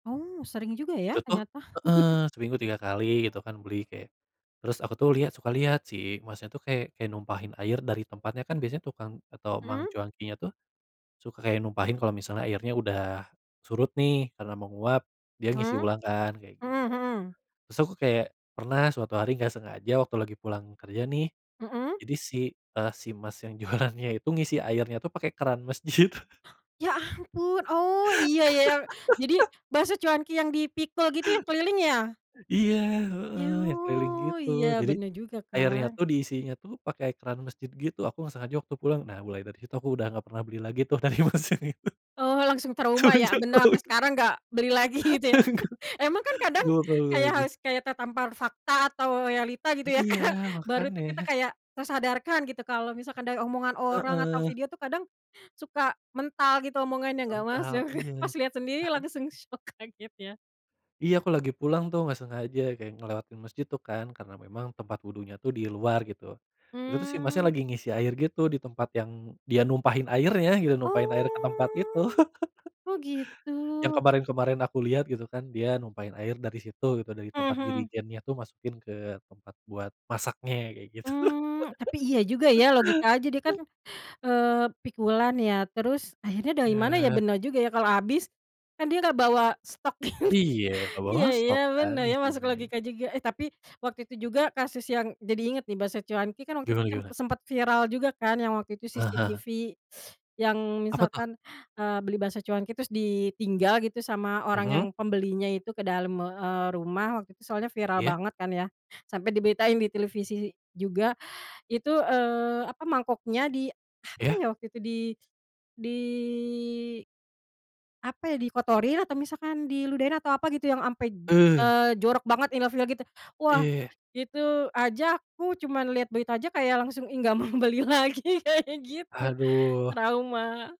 Oh, sering juga Itu ya, tuh ternyata? heeh, seminggu 3 kali gitu kan beli, kayak. Terus aku tuh lihat suka lihat. Si masnya tuh kayak kayak numpahin air dari tempatnya, kan biasanya tukang atau mang Mhm. cuankinya tuh, suka kayak numpahin kalau misalnya airnya udah surut nih karena menguap. Dia ngisi Mmm, ulang kan, kayak mhm gitu. mhm. Terus aku kayak, pernah suatu hari enggak sengaja, waktu lagi pulang kerja nih, Mhm. jadi si, eee, si mas yang jualannya itu ngisi airnya tuh pakai keran masjid. Ya ampun! Oh, iya ya yang jadi bakso cuanki yang dipikul gitu yang keliling, ya? Iya Yu, heeh, yang keliling gitu. iya, Jadi bener juga airnya kan. tuh, diisinya tuh pakai keran masjid gitu. Aku enggak sengaja waktu pulang. Nah, mulai dari situ aku udah gak pernah beli lagi tuh dari mas yang itu Oh, langsung trauma, ya? semenjak Benar, tau sampai itu. sekarang gak beli lagi gitu, ya? Enggak, Emang kan kadang enggak bakal beli kayak lagi. harus kayak tertampar fakta atau realita gitu ya, Kak? Iya! Baru tuh kita Makanya. kayak, tersadarkan gitu kalau misalkan dari omongan orang atau Heeh. video tuh, kadang, suka mental gitu omongannya, enggak Mental, masuk iya. pas liat sendiri Ah hah. langsung syok, kaget ya? Iya, aku lagi pulang tuh, gak sengaja kayak ngelewatin mesjid tuh kan, karena memang tempat wudunya tuh di luar, gitu. Itu tuh si masnya Mmm. lagi ngisi air gitu, di tempat yang dia numpahin airnya gitu, numpahin air ke tempat itu. Oh. Oh, Yang gitu. kemarin-kemarin aku lihat gitu kan, dia numpahin air dari situ gitu, dari Mhm tempat mhm. jerigennya tuh masukin ke tempat buat masaknya kayak gitu. Mmm. Tapi iya juga ya, logika aja deh, kan, eee, pikulan ya, terus akhirnya dari mana ya, Iya. benar juga ya kalau abis, kan dia gak bawa stok gitu. Iya, enggak bawa iya iya stok kan benar ya, masuk ngisinya. logika juga. Eh, tapi waktu itu juga kasus yang jadi inget nih bakso cuanki kan waktu itu Gimana cem gimana? sempat viral juga kan, yang waktu itu Ah hah. CCTV yang Apa tuh? misalkan, eee, beli bakso cuanki terus ditinggal gitu sama orang yang Mhm. pembelinya itu ke dalam me eee, rumah, waktu itu soalnya viral Iya. banget kan ya. Sampai diberitain di televisi juga. Itu, eee, apa, mangkoknya, di apa Iya. ya waktu itu di di apa ya, dikotorin atau misalkan diludahin? Atau apa gitu, yang ampe, Eh. eee, jorok banget, ilfil gitu. Iya Wah, iya iya. itu aja aku cuman lihat berita aja, kayak langsung, "Ih, enggak mau beli lagi." kayak gitu. Aduh. Trauma.